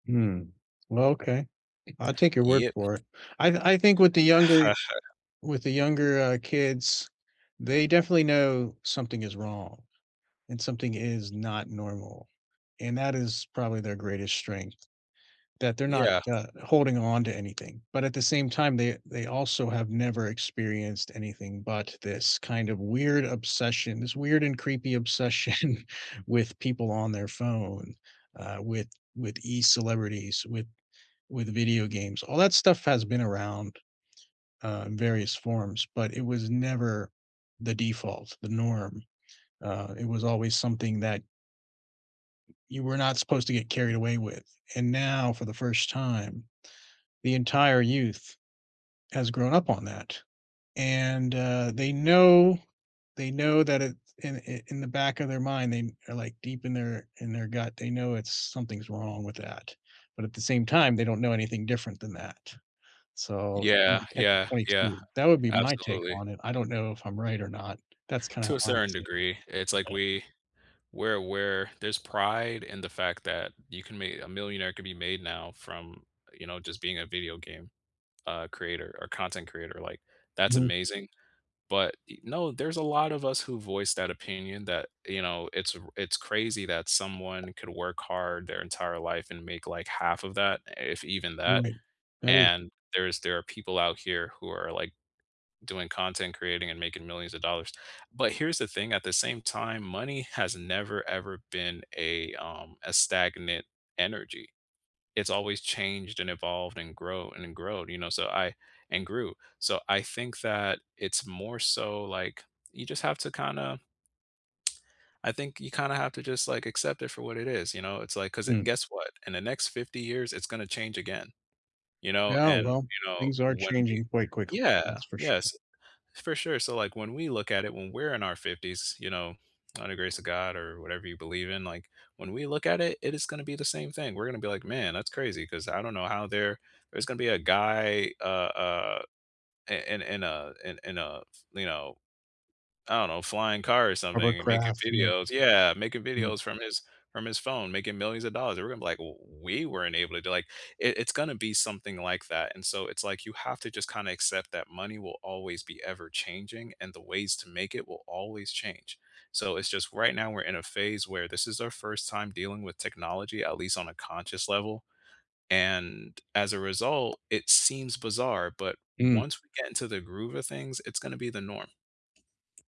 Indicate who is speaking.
Speaker 1: Hmm, okay, I'll take your word
Speaker 2: Yep.
Speaker 1: for it. I I think with the younger
Speaker 2: Hot shot.
Speaker 1: with the younger, uh kids, they definitely know something is wrong and something is not normal, and that is probably their greatest strength. That they're not,
Speaker 2: Yeah.
Speaker 1: uh, holding on to anything, but at the same time they they also have never experienced anything but this kind of weird obsession, this weird and creepy obsession with people on their phone, uh, with with e-celebrities, with with video games, all that stuff has been around, uh, in various forms, but it was never the default, the norm, uh, it was always something that you were not supposed to get carried away with, and now for the first time, the entire youth has grown up on that, and, uh, they know they know that it in i in the back of their mind they are like deep in their in their gut, they know it's something's wrong with that, but at the same time, they don't know anything different than that. So uh
Speaker 2: Yeah,
Speaker 1: catch
Speaker 2: yeah, yeah.
Speaker 1: 22, that would be my take
Speaker 2: Absolutely.
Speaker 1: on it. I don't know if I'm right or not that's kinda
Speaker 2: To a
Speaker 1: how I
Speaker 2: certain
Speaker 1: see it,
Speaker 2: degree, it's like
Speaker 1: though.
Speaker 2: we we're aware there's pride in the fact that you can make a millionaire could be made now from, you know, just being a video game, uh, creator or content creator, like, that's
Speaker 1: Mhm.
Speaker 2: amazing, but, eh, no, there's a lot of us who voiced that opinion that, you know, it's r it's crazy that someone could work hard their entire life and make like half of that, if even that,
Speaker 1: Right, that is.
Speaker 2: and there's there are people out here who are, like, doing content creating and making millions of dollars; but here's the thing, at the same time, money has never ever been a, um, a stagnant energy. It's always changed and evolved and grow and grown, you know, so I and grew so I think that it's more so, like, you just have to kinda I think you kinda have to just like accept it for what it is, you know, it's, like 'cause
Speaker 1: Mhm.
Speaker 2: guess what, in the next 50 years, it's gonna change again, you know,
Speaker 1: Yeah,
Speaker 2: and,
Speaker 1: well,
Speaker 2: you know,
Speaker 1: things are
Speaker 2: when we
Speaker 1: changing quite quickly,
Speaker 2: yeah,
Speaker 1: that's for sure.
Speaker 2: yes, for sure so, like, when we look at it, when we're in our 50s, you know, by the grace of God or whatever you believe in, like, when we look at it, it is gonna be the same thing; we're gonna be like, "Man, that's crazy," 'cause I don't know how there there's gonna be a guy, uh, uh, i in in a in in a, you know, I don't know, flying car or something, and making
Speaker 1: Hovercraft, yeah.
Speaker 2: videos, yeah, making
Speaker 1: Mm.
Speaker 2: videos from his from his phone, making millions of dollars, we're gonna be like, "Oh, we weren't able to do, like it it's gonna be something like that, and so it's like you have to just kinda accept that money will always be ever changing, and the ways to make it will always change. So it's just right now we're in a phase where this is our first time dealing with technology, at least on a conscious level, and as a result, it seems bizarre, but
Speaker 1: Mm.
Speaker 2: once we get into the groove of things, it's gonna be the norm.